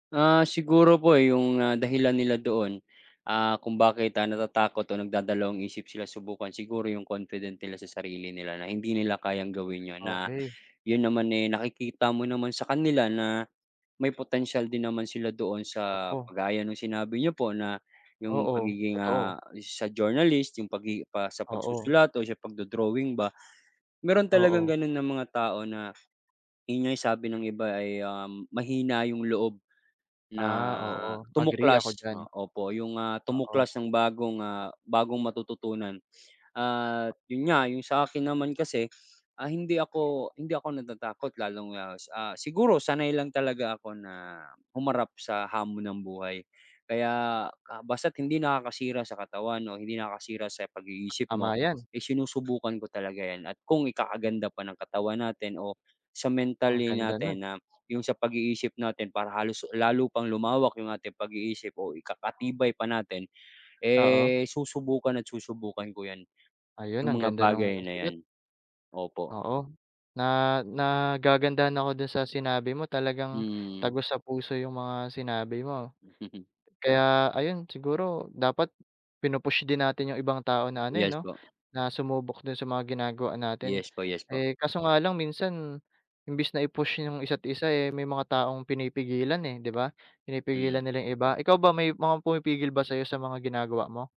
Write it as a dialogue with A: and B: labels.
A: Ah, siguro po, eh, 'yong, ah, dahilan nila doon, ah, kung bakit, ah, natatakot o nagdadalawang-isip sila subukan, siguro 'yong confident nila sa sarili nila na hindi nila kayang gawin 'yon na
B: Okey.
A: 'yon naman, eh, nakikita mo naman sa kanila na may potensyal din naman sila doon. Sa
B: Oo.
A: kagaya no'ng sinabi niyo po na 'yong
B: Oo,
A: pagiging,
B: totoo.
A: ah, sa journalist 'yong pagi pa sa
B: Oo.
A: pagsusulat o sa pagdo-drawing ba. Mayro'n talagang
B: Oo.
A: gano'n na mga tao na, 'yon nga'y sabi ng iba ay, um, mahina 'yong loob na
B: Ah, oo, agree ako
A: tumuklas, o
B: diyan.
A: opo, 'yong, ah,
B: Oo.
A: tumuklas ng bagong, ah, bagong matututunan. At 'yon nga 'yong sa 'kin naman kasi, ah, hindi ako hindi ako natatakot lalong, ah, sa siguro sanay lang talaga ako na humarap sa hamon ng buhay. Kaya ka basta't hindi nakakasira sa katawan o hindi nakakasira sa pag-iisip
B: Tama
A: mo
B: 'yan.
A: ay sinusubukan ko talaga 'yan. At kung ikakaganda pa ng katawan natin o sa
B: Ang
A: mentally
B: ganda no'n.
A: natin na 'yong sa pag-iisip natin para halos lalo pang lumawak 'yong ating pag-iisip o ikakatibay pa natin,
B: Oo.
A: eh, susubukan at susubukan ko 'yan,
B: Ayun,
A: 'yong
B: ang
A: mga
B: ganda no'ng
A: bagay na
B: sagot.
A: 'yan. Opo
B: Oo, na nagagandahan ako do'n sa sinabi mo talagang
A: Hmm.
B: tagos sa puso 'yong mga sinabi mo. Kaya, ayun, siguro dapat pinu-push din natin 'yong ibang tao na, ano, eh,
A: Yes
B: 'no,
A: po.
B: na sumubok do'n sa mga ginagawa natin.
A: Yes po, yes po.
B: Eh, kaso nga lang minsan imbes na i-push 'yong isa't isa, eh, may mga taong pinipigilan, eh, 'di ba, pinipigilan
A: Mm.
B: nila 'yong iba. Ikaw ba may mga pumipigil ba sa 'yo sa mga ginagawa mo?